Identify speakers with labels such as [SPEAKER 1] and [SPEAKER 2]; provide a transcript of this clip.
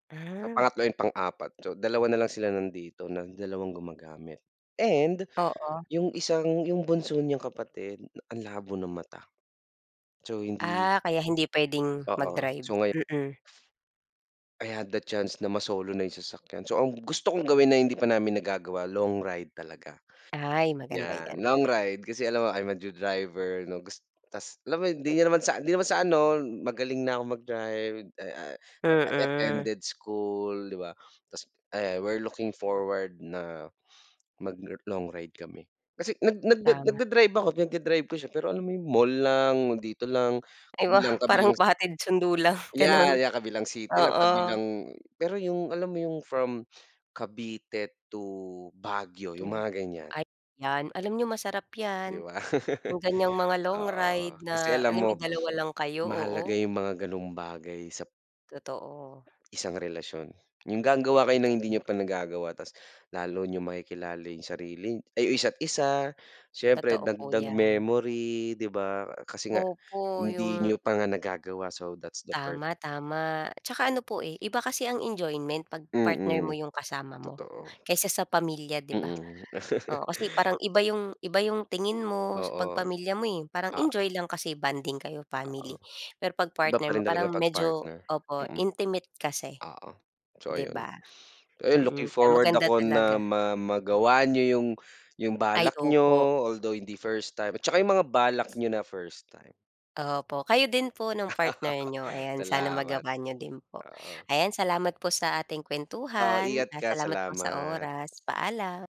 [SPEAKER 1] Yung
[SPEAKER 2] Ah.
[SPEAKER 1] pangatlo, yung pang-4, so 2 na lang sila nandito na dalawang gumagamit and
[SPEAKER 2] Oo.
[SPEAKER 1] yung isang yung bunso niyang kapatid ang labo ng mata. So hindi
[SPEAKER 2] Ah, kaya hindi puwedeng
[SPEAKER 1] Oo,
[SPEAKER 2] mag-drive,
[SPEAKER 1] so ngayo
[SPEAKER 2] mm.
[SPEAKER 1] I had the chance na masolo na yung sasakyan, so ang gusto kong gawin na hindi pa namin nagagawa, long ride talaga.
[SPEAKER 2] Ay, maganda
[SPEAKER 1] Yan,
[SPEAKER 2] yan.
[SPEAKER 1] long ride kasi alam mo I'm a new driver no, gus ta's alam mo hindi naman sa hindi naman sa ano magaling na akong mag-drive, ah, I
[SPEAKER 2] Mm.
[SPEAKER 1] attended school, 'di ba ta's I we're looking forward na mag lo long ride kami. Kasi nag nag
[SPEAKER 2] Tama.
[SPEAKER 1] nag-da-drive ako, pinag-da-drive ko siya pero alam mo 'yun mall lang, dito lang
[SPEAKER 2] Ay wow, parang
[SPEAKER 1] kabilang-kabilang
[SPEAKER 2] pahatid-sundo lang gano'n.
[SPEAKER 1] yeah, yeah, kabilang city lang,
[SPEAKER 2] Oo.
[SPEAKER 1] kabilang pero yung alam mo yung from Cavite to Baguio
[SPEAKER 2] Tu
[SPEAKER 1] yung mga ganiyan?
[SPEAKER 2] ay, yan alam niyo masarap
[SPEAKER 1] 'Di
[SPEAKER 2] yan,
[SPEAKER 1] ba?
[SPEAKER 2] yung ganiyang mga long
[SPEAKER 1] Oo,
[SPEAKER 2] ride,
[SPEAKER 1] kasi
[SPEAKER 2] na
[SPEAKER 1] alam
[SPEAKER 2] alam
[SPEAKER 1] mo,
[SPEAKER 2] niyong 2 lang kayo,
[SPEAKER 1] mahalaga
[SPEAKER 2] oo.
[SPEAKER 1] yung mga gano'ng bagay sa
[SPEAKER 2] Totoo.
[SPEAKER 1] isang relasyon, yung gagawa kayo ng hindi
[SPEAKER 2] Totoo.
[SPEAKER 1] niyo pa nagagawa ta's lalo niyong makikilala yung sarili ay yung isa't isa siyempre
[SPEAKER 2] Totoo po
[SPEAKER 1] dagdag
[SPEAKER 2] yan.
[SPEAKER 1] memory 'di ba? Kasi nga
[SPEAKER 2] Opo
[SPEAKER 1] hindi
[SPEAKER 2] yung
[SPEAKER 1] niyo pa nga nagagawa so that's the part.
[SPEAKER 2] Tama, tama. 'Tsaka ano po, eh, iba kasi ang enjoyment 'pag partner
[SPEAKER 1] Mm,
[SPEAKER 2] mo 'yong kasama mo
[SPEAKER 1] totoo.
[SPEAKER 2] kaysa sa pamilya 'di ba?
[SPEAKER 1] Mm.
[SPEAKER 2] Oo kasi parang iba 'yong, iba 'yong tingin mo
[SPEAKER 1] Oo,
[SPEAKER 2] sa 'pag pamilya mo, eh, parang
[SPEAKER 1] oo.
[SPEAKER 2] enjoy lang kasi bonding kayo
[SPEAKER 1] Oo.
[SPEAKER 2] family, pero 'pag
[SPEAKER 1] Iba pa
[SPEAKER 2] partner mo
[SPEAKER 1] rin talaga
[SPEAKER 2] parang
[SPEAKER 1] pag
[SPEAKER 2] medyo
[SPEAKER 1] partner,
[SPEAKER 2] opo,
[SPEAKER 1] mm.
[SPEAKER 2] intimate kasi,
[SPEAKER 1] Oo, so
[SPEAKER 2] 'di
[SPEAKER 1] ayun.
[SPEAKER 2] ba?
[SPEAKER 1] Ayun looking
[SPEAKER 2] Mm, kaya
[SPEAKER 1] forward
[SPEAKER 2] maganda
[SPEAKER 1] ako na
[SPEAKER 2] talaga.
[SPEAKER 1] ma magawa niyo yung, yung
[SPEAKER 2] Ay,
[SPEAKER 1] balak niyo,
[SPEAKER 2] opo.
[SPEAKER 1] although hindi first time at saka yung mga balak niyo na first time.
[SPEAKER 2] Opo kayo din po nung partner niyo, ayan sana
[SPEAKER 1] Salamat.
[SPEAKER 2] magawa niyo din po,
[SPEAKER 1] Oo.
[SPEAKER 2] ayan salamat po sa ating
[SPEAKER 1] Oo
[SPEAKER 2] kuwentuhan,
[SPEAKER 1] ingat
[SPEAKER 2] ah,
[SPEAKER 1] ka,
[SPEAKER 2] salamat po sa
[SPEAKER 1] salamat.
[SPEAKER 2] oras, paalam.